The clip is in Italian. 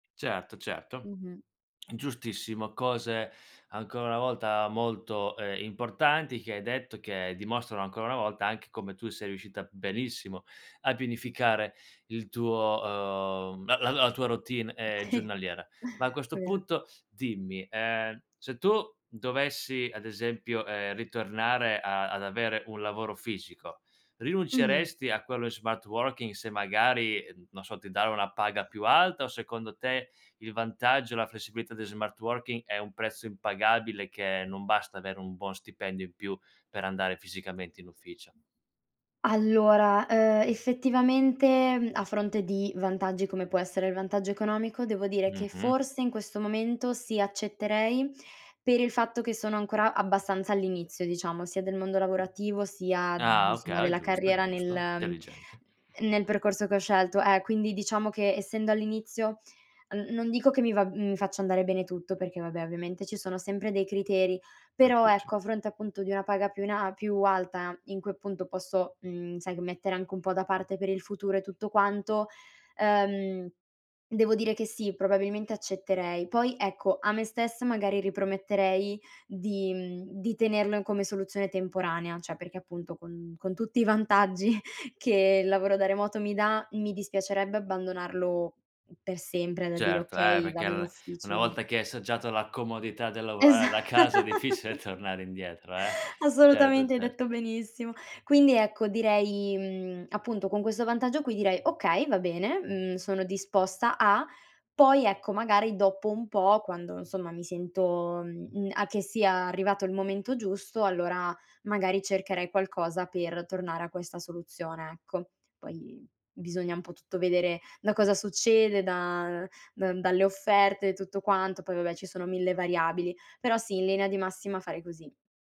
Certo, certo, Mh-mh. giustissimo. Cose, ancora una volta, molto, ehm, importanti che hai detto, che dimostrano ancora una volta, anche come tu sei riuscita benissimo a pianificare il tuo, uhm, la la la tua routine, ehm, giornaliera. Ma a questo Vero. punto, dimmi: ehm, se tu dovessi, ad esempio, ehm, ritornare a ad avere un lavoro fisico, Mh. rinunceresti a quello in smart working se magari, non so, ti danno una paga più alta? O secondo te, il vantaggio e la flessibilità di smart working è un prezzo impagabile che non basta avere un buon stipendio in più per andare fisicamente in ufficio? Allora, uhm, effettivamente, mhmm, a fronte di vantaggi, come può essere il vantaggio economico, devo dire che Mh-mh. forse in questo momento, sì, accetterei per il fatto che sono ancora abbastanza all'inizio, diciamo, sia del mondo lavorativo, sia d mhmm, Ah, insomma, okay. È della giusto, carriera, nel giusto. ehm, Intelligente nel percorso che ho scelto, eh, quindi diciamo che essendo all'inizio, n non dico che mi va mhmm, mi faccia andare bene tutto perché, vabbè, ovviamente ci sono sempre dei criteri, Gli però, uffici. ecco, a fronte appunto di una paga più in a a più alta in cui, appunto, posso, mhmm, sai, gh mettere anche un po' da parte per il futuro e tutto quanto, ehm, devo dire che, sì, probabilmente accetterei. Poi, ecco, a me stessa magari riprometterei di mhmm, di tenerlo in come soluzione temporanea, cioè perché, appunto, con con tutti i vantaggi che il lavoro da remoto mi dà, mi dispiacerebbe abbandonarlo per sempre da dire: Certo, eh, "Okay, perché vado in allora una ufficio." volta che hai assaggiato la comodità del Esa lavorare da casa è difficile tornare indietro, eh? Certo, assolutamente, hai detto certo. benissimo! Quindi, ecco, direi, mhmm, appunto con questo vantaggio qui direi: "Okay! Va bene, mhmm, sono disposta a". Poi, ecco, magari dopo un po', quando insomma mi sento, mhmm, a che sia arrivato il momento giusto, allora magari cercherei qualcosa per tornare a questa soluzione, ecco. Poi bisogna un po' tutto vedere da cosa succede, da da dalle offerte e tutto quanto. Poi, vabbè, ci sono mille variabili. Però, sì, in linea di massima fare così.